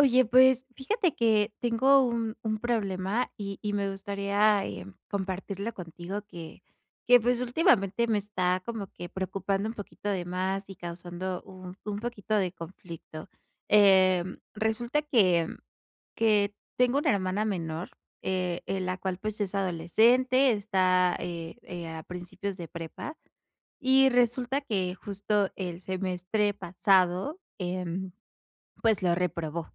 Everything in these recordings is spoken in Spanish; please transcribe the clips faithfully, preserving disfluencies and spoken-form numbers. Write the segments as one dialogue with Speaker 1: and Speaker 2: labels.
Speaker 1: Oye, pues, fíjate que tengo un un problema, y y me gustaría, eh, compartirlo contigo, que que, pues, últimamente me está como que preocupando un poquito de más, y causando un un poquito de conflicto. Eh, resulta que que tengo una hermana menor, eh, eh, la cual pues, es adolescente, está, eh, eh, a principios de prepa, y resulta que justo el semestre pasado, em, pues, lo reprobó.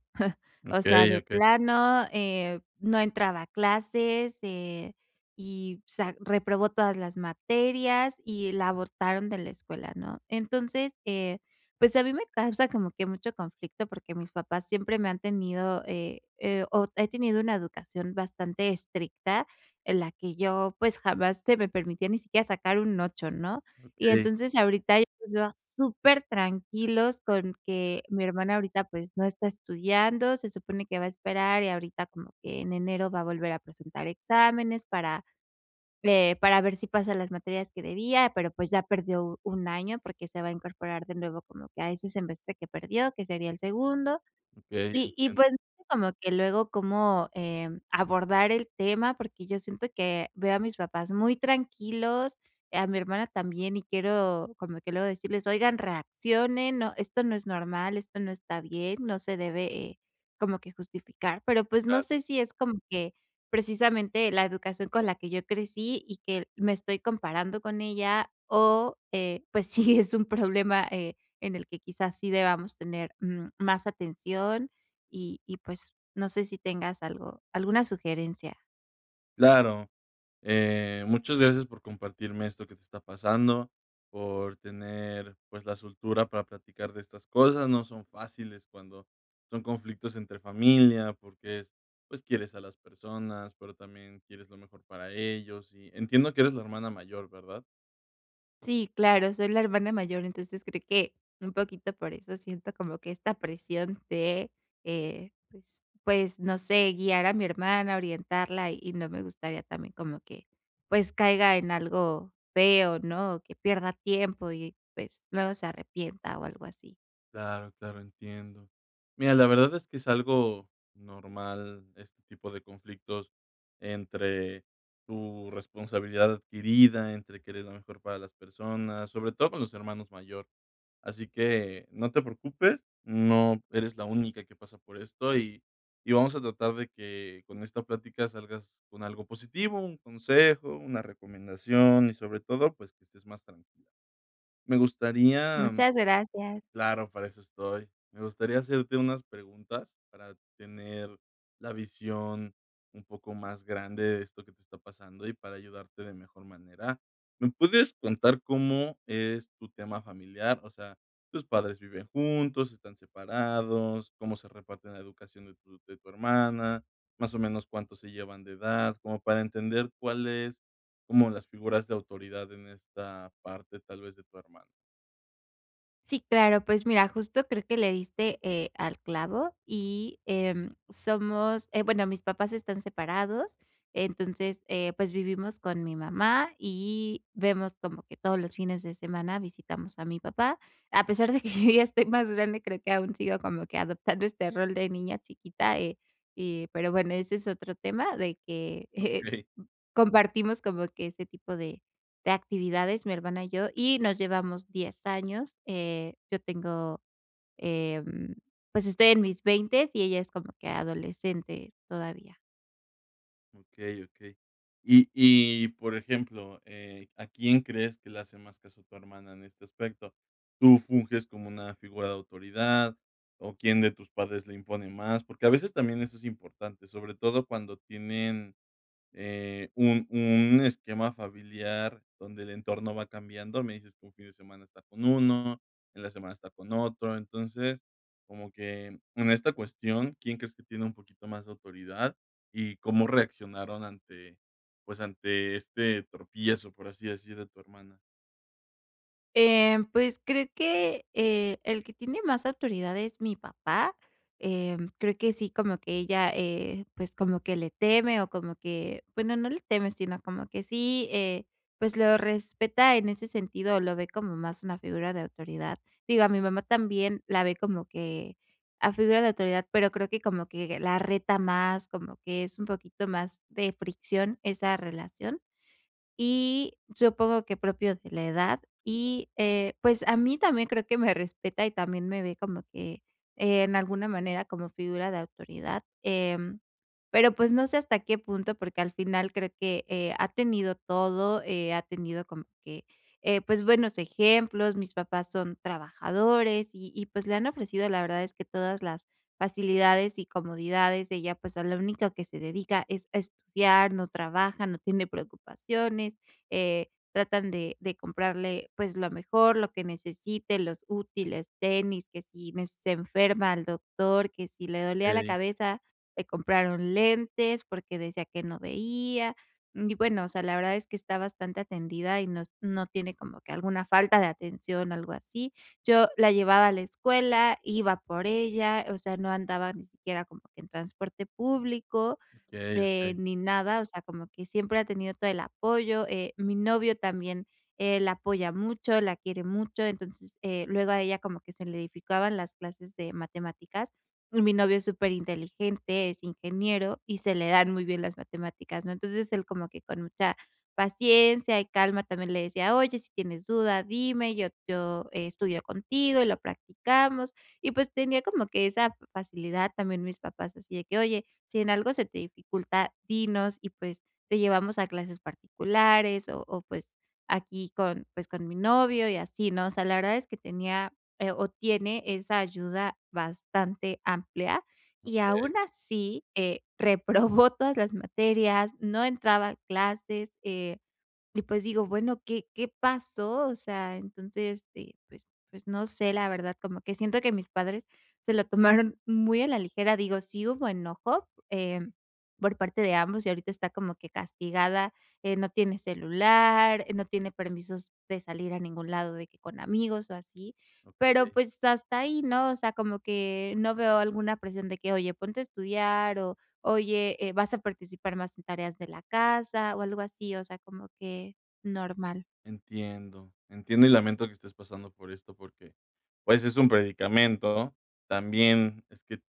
Speaker 1: O sea,
Speaker 2: Okey,
Speaker 1: de
Speaker 2: okey.
Speaker 1: plano, eh, no entraba a clases, eh, y, o sea, reprobó todas las materias, y la abortaron de la escuela, ¿no? Entonces, eh, pues, a mí me causa como que mucho conflicto, porque mis papás siempre me han tenido eh, eh, o, he tenido una educación bastante estricta en la que yo, pues, jamás se me permitía ni siquiera sacar un ocho, ¿no? Y
Speaker 2: Okey.
Speaker 1: entonces ahorita yo los veo supertranquilos con que mi hermana ahorita, pues, no está estudiando, se supone que va a esperar, y ahorita como que en enero va a volver a presentar exámenes para para, eh, ver si pasan las materias que debía, pero, pues, ya perdió u un año, porque se va a incorporar de nuevo como que a ese semestre que perdió, que sería el segundo.
Speaker 2: Okey,
Speaker 1: Y y
Speaker 2: entiendo.
Speaker 1: pues, y como que luego cómo, eh, abordar el tema, porque yo siento que veo a mis papás muy tranquilos, a mi hermana también, y quiero como que luego decirles: "Oigan, reaccionen, no, esto no es normal, esto no está bien", no se debe como que justificar. Pero, pues, no
Speaker 2: Claro.
Speaker 1: sé si es como que precisamente la educación con la que yo crecí, y que me estoy comparando con ella, o, eh, pues sí, es un problema, eh, en el que, quizás, sí debamos tener más, mm, atención. Y y pues no sé si tengas algo alguna sugerencia.
Speaker 2: Claro, eh, muchas gracias por compartirme esto que te está pasando, por tener, pues, la soltura para platicar de estas cosas. No son fáciles cuando son conflictos entre familia, porque es pues, quieres a las personas, pero también quieres lo mejor para ellos. Y entiendo que eres la hermana mayor, ¿verdad?
Speaker 1: Sí, claro, soy la hermana mayor, entonces, creo que un poquito por eso siento como que esta presión de, eh, pues pues, no sé, guiar a mi hermana, orientarla. Y no me gustaría también como que, pues, caiga en algo feo, ¿no? O que pierda tiempo y, pues, luego se arrepienta, o, algo así.
Speaker 2: Claro, claro, entiendo. Mira, la verdad es que es algo normal este tipo de conflictos entre tu responsabilidad adquirida, entre querer lo mejor para las personas, sobre todo con los hermanos mayor. Así que no te preocupes, no eres la única que pasa por esto, y y vamos a tratar de que con esta plática salgas con algo positivo, un consejo, una recomendación, y sobre todo, pues, que estés más tranquila. Me gustaría, mm
Speaker 1: Muchas gracias.
Speaker 2: claro, para eso estoy. Me gustaría hacerte unas preguntas para tener la visión un poco más grande de esto que te está pasando, y para ayudarte de mejor manera. ¿Me puedes contar cómo es tu tema familiar? O sea, ¿tus padres viven juntos? ¿Están separados? ¿Cómo se reparten la educación de tu de tu hermana? Más o menos, ¿cuánto se llevan de edad? Como para entender cuál es como las figuras de autoridad en esta parte tal vez de tu hermano.
Speaker 1: Sí, claro. Pues mira, justo creo que le diste, eh, al clavo, y ,em, somos eh, bueno, mis papás están separados. Entonces, eh, pues, vivimos con mi mamá, y vemos como que todos los fines de semana visitamos a mi papá. A pesar de que yo ya estoy más grande, creo que aún sigo como que adoptando este rol de niña chiquita, eh, eh, pero bueno, ese es otro tema, de que, eh,
Speaker 2: Okey.
Speaker 1: compartimos como que ese tipo de de actividades mi hermana y yo, y nos llevamos diez años. Eh, yo tengo em, pues, estoy en mis veintes y ella es como que adolescente todavía.
Speaker 2: Okey, okey, y y por ejemplo, eh, ¿a quién crees que le hace más caso tu hermana en este aspecto? ¿Tú funges como una figura de autoridad, o, quién de tus padres le impone más? Porque a veces también eso es importante, sobre todo cuando tienen, eh, un un esquema familiar donde el entorno va cambiando. Me dices que un fin de semana está con uno, en la semana está con otro. Entonces, como que en en esta cuestión, ¿quién crees que tiene un poquito más de autoridad? ¿Y cómo reaccionaron ante, pues, ante este tropiezo, por así decir, de tu hermana?
Speaker 1: Eh, pues, creo que, eh, el que tiene más autoridad es mi papá. Eh, creo que sí, como que ella, eh, pues, como que le teme, o, como que, bueno no le teme sino como que sí, eh, pues, lo respeta en ese sentido, o, lo ve como más una figura de autoridad. Digo a mi mamá también la ve como que a figura de autoridad, pero, creo que como que la reta más. Como que es un poquito más de fricción esa relación, y supongo que propio de la edad, y, eh, pues, a mí también creo que me respeta, y también me ve como que, eh, en alguna manera como figura de autoridad. Eh, pero, pues, no sé hasta qué punto, porque al final creo que, eh, ha tenido todo. Eh, ha tenido como que, eh, pues, buenos ejemplos, mis papás son trabajadores, y y pues, le han ofrecido la verdad es que todas las facilidades, y comodidades. Ella, pues, a la único que se dedica es a estudiar, no trabaja, no tiene preocupaciones, eh, tratan de de comprarle, pues, lo mejor, lo que necesite, los útiles, tenis, que si me se enferma, al doctor, que si le dolía la
Speaker 2: Okey.
Speaker 1: cabeza, le compraron lentes porque decía que no veía. Mm, y bueno, o sea, la verdad es que está bastante atendida, y nos no tiene como que alguna falta de atención, algo así. Yo la llevaba a la escuela, iba por ella, o sea, no andaba ni siquiera como que en transporte público,
Speaker 2: Okey,
Speaker 1: eh,
Speaker 2: okey.
Speaker 1: ni nada. O sea, como que siempre ha tenido todo el apoyo. Eh, mi novio también, eh, la apoya mucho, la quiere mucho. Entonces, eh, luego a ella como que se le dificultaban las clases de matemáticas. Y mi novio es súper inteligente, es ingeniero, y se le dan muy bien las matemáticas, ¿no? Entonces él como que con mucha paciencia y calma también le decía: "Oye, si tienes duda, dime, yo yo estudio contigo y lo practicamos". Y pues, tenía como que esa facilidad. También mis papás así de que: "Oye, si en algo se te dificulta, dinos, y pues te llevamos a clases particulares", o o, pues aquí con, pues, con mi novio y así, ¿no? O sea, la verdad es que tenía, eh, o, tiene esa ayuda bastante amplia y
Speaker 2: Okey.
Speaker 1: aún así, eh, reprobó todas las materias, no entraba a clases. Eh, y pues, digo bueno, ¿qué qué pasó? O sea, entonces, pues pues no sé, la verdad, como que siento que mis padres se lo tomaron muy a la ligera. Digo, sí hubo enojo, eh, por parte de ambos y ahorita está como que castigada. Eh, no tiene celular, eh, no tiene permisos de salir a ningún lado de que con amigos, o, así. Pero,
Speaker 2: Okey.
Speaker 1: pues, hasta ahí, ¿no? O sea, como que no veo alguna presión de que: "Oye ponte a estudiar, o, oye, eh, vas a participar más en tareas de la casa", o algo así. O sea, como que normal.
Speaker 2: Entiendo, entiendo y lamento que estés pasando por esto porque, pues, es un predicamento. También es que,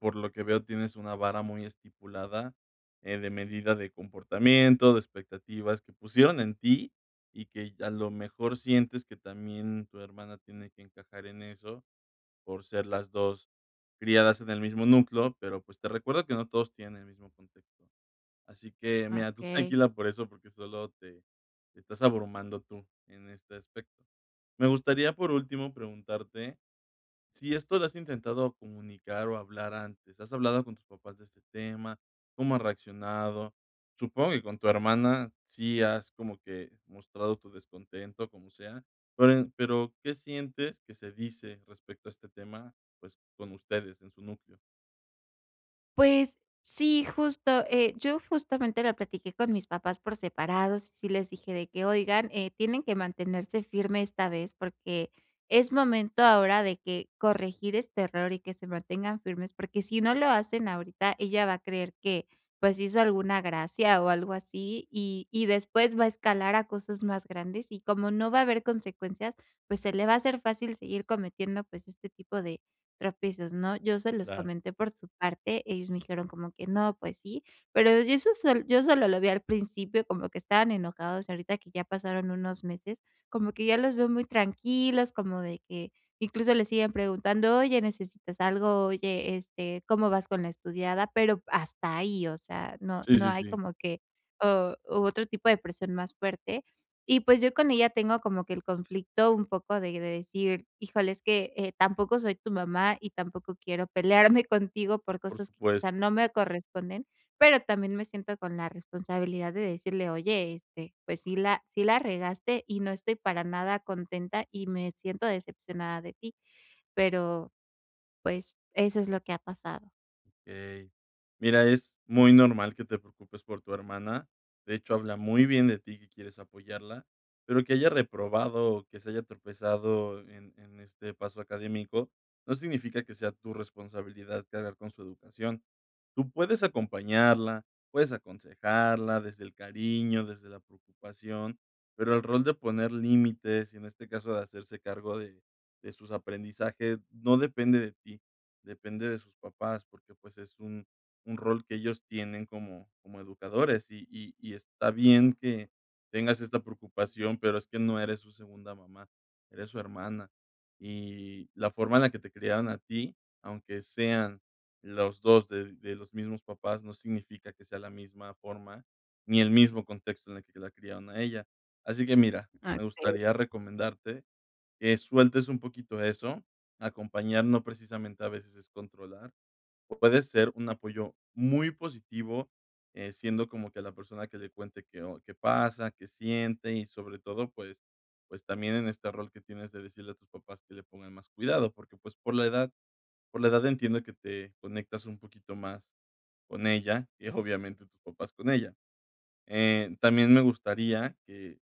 Speaker 2: por lo que veo, tienes una vara muy estipulada, eh, de medida de comportamiento, de expectativas que pusieron en ti, y que a lo mejor sientes que también tu hermana tiene que encajar en eso por ser las dos criadas en el mismo núcleo, pero, pues, te recuerdo que no todos tienen el mismo contexto. Así que, mira, tú
Speaker 1: Okey.
Speaker 2: tranquila por eso, porque solo te te estás abrumando tú en este aspecto. Me gustaría, por último, preguntarte si esto lo has intentado comunicar o hablar antes. ¿Has hablado con tus papás de este tema? ¿Cómo han reaccionado? Supongo que con tu hermana sí has, como que, mostrado tu descontento, como sea. Pero en pero, ¿qué sientes que se dice respecto a este tema? Pues, con ustedes en su núcleo.
Speaker 1: Pues, sí justo, eh, yo justamente lo platiqué con mis papás por separados, sí les dije de que: "Oigan, eh, tienen que mantenerse firme esta vez, porque es momento ahora de que corregir este error, y que se mantengan firmes, porque si no lo hacen ahorita ella va a creer que, pues, hizo alguna gracia, o, algo así, y y después va a escalar a cosas más grandes, y como no va a haber consecuencias, pues, se le va a hacer fácil seguir cometiendo, pues, este tipo de tropiezos", ¿no? Yo se los
Speaker 2: Claro.
Speaker 1: comenté por su parte, ellos me dijeron como que: "No, pues sí", pero yo eso sol yo solo lo vi al principio, como que estaban enojados. Ahorita que ya pasaron unos meses, como que ya los veo muy tranquilos, como de que incluso le siguen preguntando: "Oye, necesitas algo, oye, este, ¿cómo vas con la estudiada?". Pero hasta ahí, o sea, no
Speaker 2: Sí,
Speaker 1: no
Speaker 2: sí,
Speaker 1: hay
Speaker 2: sí.
Speaker 1: como que, o u otro tipo de persona más fuerte. Y pues, yo con ella tengo como que el conflicto un poco de decir: "Híjole es que, eh, tampoco soy tu mamá, y tampoco quiero pelearme contigo por
Speaker 2: Por
Speaker 1: cosas que
Speaker 2: supuesto.
Speaker 1: quizá no me corresponden", pero también me siento con la responsabilidad de decirle: "Oye, este, pues, sí la sí la regaste, y no estoy para nada contenta, y me siento decepcionada de ti". Pero, pues, eso es lo que ha pasado.
Speaker 2: Ey, mira, es muy normal que te preocupes por tu hermana. De hecho, habla muy bien de ti que quieres apoyarla, pero que haya reprobado, o, que se haya tropezado en en este paso académico no significa que sea tu responsabilidad cargar con su educación. Tú puedes acompañarla, puedes aconsejarla desde el cariño, desde la preocupación, pero el rol de poner límites, y en este caso de hacerse cargo de de sus aprendizajes no depende de ti, depende de sus papás porque pues es un un rol que ellos tienen como como educadores. Y y y está bien que tengas esta preocupación, pero es que no eres su segunda mamá, eres su hermana. Y la forma en la que te criaron a ti, aunque sean los dos de de los mismos papás, no significa que sea la misma forma, ni el mismo contexto en el que la criaron a ella. Así que mira, me
Speaker 1: Okey.
Speaker 2: gustaría recomendarte que sueltes un poquito eso. Acompañar no precisamente a veces es controlar, o, puede ser un apoyo muy positivo, eh, siendo como que la persona que le cuente qué o qué pasa, qué siente y sobre todo, pues pues, también en este rol que tienes de decirle a tus papás que le pongan más cuidado, porque, pues, por la edad por la edad entiendo que te conectas un poquito más con ella y, obviamente, tus papás con ella. Eh, también me gustaría que,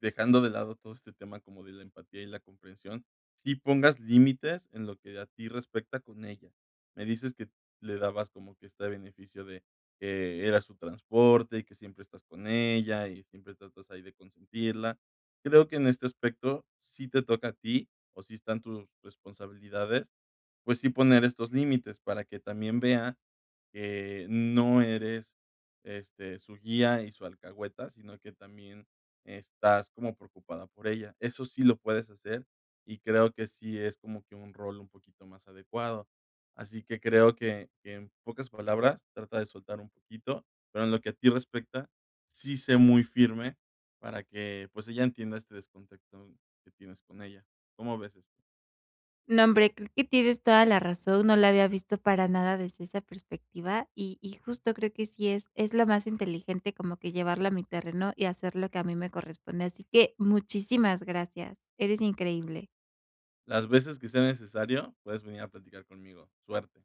Speaker 2: dejando de lado todo este tema como de la empatía y la comprensión, sí pongas límites en lo que a ti respecta con ella. Me dices que le dabas como que este beneficio de que eras su transporte, y que siempre estás con ella, y siempre tratas ahí de consentirla. Creo que en este aspecto sí te toca a ti, o, sí están tu responsabilidades, pues sí poner estos límites para que también vea que no eres, este, su guía y su alcahueta, sino que también estás como preocupada por ella. Eso sí lo puedes hacer, y creo que sí es como que un rol un poquito más adecuado. Así que creo que que en pocas palabras, trata de soltar un poquito, pero en lo que a ti respecta, sí sé muy firme para que, pues, ella entienda este descontectón que tienes con ella. ¿Cómo ves esto?
Speaker 1: No, hombre, creo que tienes toda la razón, no la había visto para nada desde esa perspectiva, y y justo creo que sí es es lo más inteligente, como que llevarla a mi terreno, y hacer lo que a mí me corresponde. Así que muchísimas gracias, eres increíble.
Speaker 2: Las veces que sea necesario puedes venir a platicar conmigo. Suerte.